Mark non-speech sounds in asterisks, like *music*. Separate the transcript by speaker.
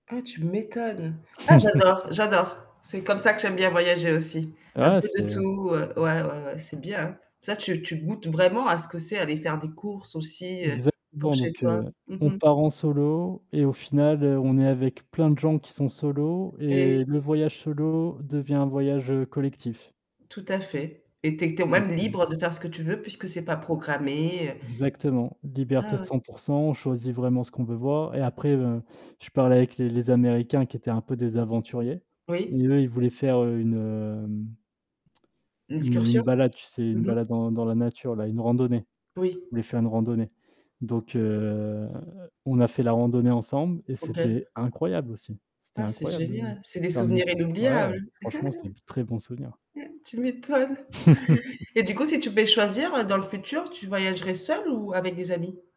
Speaker 1: Ah, tu m'étonnes. Ah,
Speaker 2: *chuckles*
Speaker 1: j'adore j'adore. C'est comme ça que j'aime bien voyager aussi. Un
Speaker 2: Ouais,
Speaker 1: peu de
Speaker 2: c'est
Speaker 1: tout, heu, ouais, ouais, ouais, c'est bien, hein. Ça tu tu goûtes vraiment à ce que c'est, aller faire des courses aussi, heu, pour
Speaker 2: Exactement,
Speaker 1: chez
Speaker 2: donc,
Speaker 1: toi,
Speaker 2: heu,
Speaker 1: mmh
Speaker 2: on
Speaker 1: mh.
Speaker 2: part en solo et au final, heu, on est avec plein de gens qui sont solo
Speaker 1: Et oui.
Speaker 2: et le voyage solo devient un voyage, heu, collectif.
Speaker 1: Tout à fait. Et tu es tu es même libre
Speaker 2: *unintelligible*
Speaker 1: de faire ce que tu veux puisque c'est pas programmé, heu
Speaker 2: Exactement, liberté
Speaker 1: Ah, ouais.
Speaker 2: 100 % on choisit vraiment ce qu'on veut voir et après, je parlais avec les les Américains qui étaient un peu des aventuriers.
Speaker 1: Oui.
Speaker 2: Et eux, ils voulaient faire une, hem *tsk* une, heu,
Speaker 1: L'excursion,
Speaker 2: une balade, tu sais, une
Speaker 1: mmh mh.
Speaker 2: balade dans dans la nature là, une randonnée.
Speaker 1: Oui.
Speaker 2: Je voulais faire une randonnée. Donc, heu, on a fait la randonnée ensemble et
Speaker 1: OK.
Speaker 2: c'était incroyable aussi. C'était
Speaker 1: Ah, c'est
Speaker 2: incroyable
Speaker 1: génial. C'est des souvenirs
Speaker 2: *unintelligible* ouais,
Speaker 1: inoubliables.
Speaker 2: franchement, c'était
Speaker 1: *chuckles*
Speaker 2: de très bons souvenirs.
Speaker 1: Tu m'étonnes.
Speaker 2: *chuckles*
Speaker 1: Et du coup, si tu pouvais choisir dans le futur, tu voyagerais seul ou avec des amis?